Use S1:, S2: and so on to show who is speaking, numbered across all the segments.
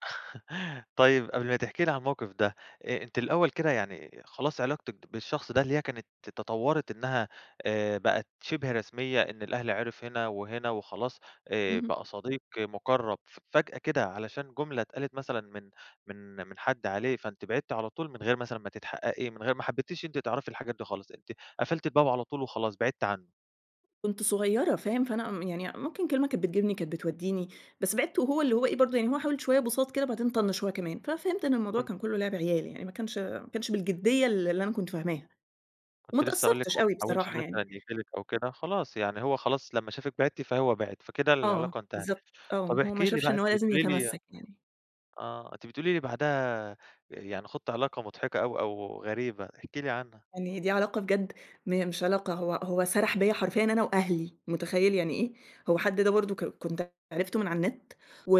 S1: طيّب قبل ما تحكي لي عن موقف ده، أ أنتِ الأوّل كده يعني خلاص علاقتِك بالشخص ده اللي هي كانت تطورت إنّها آآ بقت شِبه رسميّة، إن الأهل عرف هنا وهنا وخلاص، آآ
S2: اهم.
S1: بقى صديق مُقرب فجأة كده، علشان جملة اتقالت مثلًا من من من حد عليه، فأنتِ بعدتِ على طول من غير مثلًا ما تتحققي؟ من غير ما حبيتيش أنتِ تعرفي الحاجات دي خالص؟ أنتِ قفلتِ الباب على طول وخلاص بعدتِ عنّه؟
S2: كنت صغيّرة فاهم، فأنا م يعني ممكن كلمة كانت بتجيبني، كانت بتوديني، بس بعدت وهو اللي هو إيه برضو، يعني هو حاول شويّة بُساط كده بعدين طنش هو كمان، فَفهمت إن الموضوع
S1: كنت
S2: كان كلّه لعب عيال يعني، ما كانش ما كانش بالجديّة اللي اللي أنا كنت فاهماها. وما
S1: كنت لسّه هاقول لِك
S2: اتأثرتش
S1: هو
S2: أوي
S1: ماحاولش
S2: بصراحة
S1: مثلًا
S2: يعني.
S1: ييجي لِك أو كده، خلاص يعني هو خلاص لمّا شافِك بعدتِ فهو بعد، فكده
S2: آه،
S1: العلاقة انتهت.
S2: بالضبط آه،
S1: طب
S2: هو ما
S1: احكي لي
S2: شافش
S1: بقى
S2: إنه
S1: أنتِ
S2: لازم
S1: بتقولي لي
S2: يتمَسّك يعني.
S1: آه، أنتِ بتقولي لي بعدها يعني خُضتِ علاقة مضحكة أوي أو غريبة، احكي لي عنها
S2: يعني دي علاقة بجد م مش علاقة، هو هو سَرح بيَّ حرفيًا أنا وأهلي، مُتخيل يعني إيه؟ هو حد ده برضو ك كنت عرفته من على النت و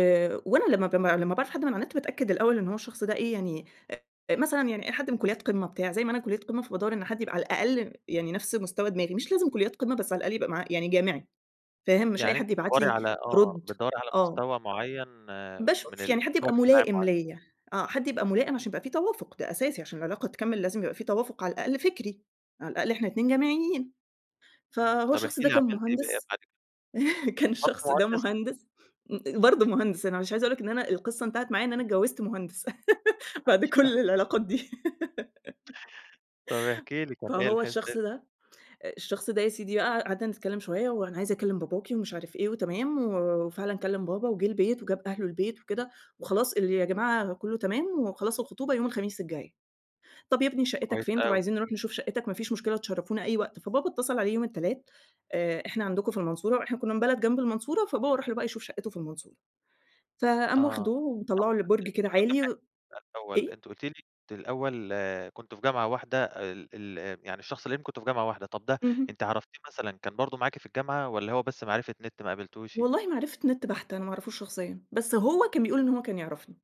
S2: وأنا لما ب لمّا باعرف حد من على النت باتأكّد الأوّل إنّه هو الشخص ده إيه؟ يعني، آآ، مثلًا يعني أي حد من كليات قمة بتاع، زي ما أنا كلية قمة فبادور إن حد يبقى على الأقل يعني نفس مستوى دماغي، مش لازم كليات قمة بس على الأقل يبقى معاه يعني جامعي، فاهم؟ مش أي
S1: يعني أنتِ
S2: حد يبعت
S1: بتدوري
S2: لي
S1: على آه،
S2: أرد.
S1: بتدوري على
S2: آه.
S1: مستوى معين من
S2: باشوف
S1: ال
S2: يعني حد
S1: مستوى
S2: يبقى
S1: اجتماعي
S2: ملائم
S1: معين.
S2: ليَّ، آه، حد يبقى
S1: امم.
S2: ملائم عشان يبقى في توافق، ده أساسي عشان العلاقة تكمل لازم يبقى في توافق على الأقل فكري، على الأقل إحنا ال2 جامعيين.
S1: إمم،
S2: فهو
S1: طب
S2: الشخص
S1: احكي
S2: ده
S1: لي
S2: كان
S1: عملتِ إيه بقى.
S2: مهندس
S1: [unintelligible]
S2: كان
S1: برضو
S2: الشخص ده
S1: مهندس؟
S2: مهندس امم، برضو مهندس أنا مش عايزة أقول لَك إن أنا القصّة انتهت معايا إن أنا اتجوزت مهندس. بعد
S1: [unintelligible]
S2: كل العلاقات دي
S1: طب احكي لي كان إيه
S2: فهو
S1: الحس
S2: الشخص
S1: إيه
S2: ده الشخص ده يا سيدي بقى قعدنا نتكلّم شويّة، وأنا عايز أكلم باباكي ومش عارف إيه وتمام، وفعلًا كلم بابا وجه البيت وجاب أهله البيت وكده، وخلاص اللي يا جماعة كلّه تمام، وخلاص الخطوبة يوم الخميس الجاي. طب يا ابني شَقتك
S1: كويس
S2: فين؟ طب
S1: أوي.
S2: عايزين نروح نشوف شَقتك؟ ما فيش مشكلة تشرفونا أي وقت. فبابا اتصل عليه يوم التلات، آآ إحنا عندكم في المنصورة وإحنا كنّا من بلد جنب المنصورة فبابا راح له بقى يشوف شَقته في المنصورة. فقام واخده
S1: آه،
S2: ومطلعه لبرج كده عالي
S1: [unintelligible]
S2: و
S1: الأول
S2: إيه؟
S1: أنتِ قلتِ لي إن أنتِ الأوّل كنتم في جامعة واحدة ال ال يعني الشخص اللي يهمك كنتم في جامعة واحدة، طب ده
S2: اهمم.
S1: أنتِ عرفتيه مثلًا كان برضو معاكِ في الجامعة والَّا هو بس معرفة نت ما قابلتيهوش؟
S2: والله معرفة نت بَحتة، أنا ما أعرفهوش شخصيًا. بس هو كان بيقول إنه هو كان يعرفني.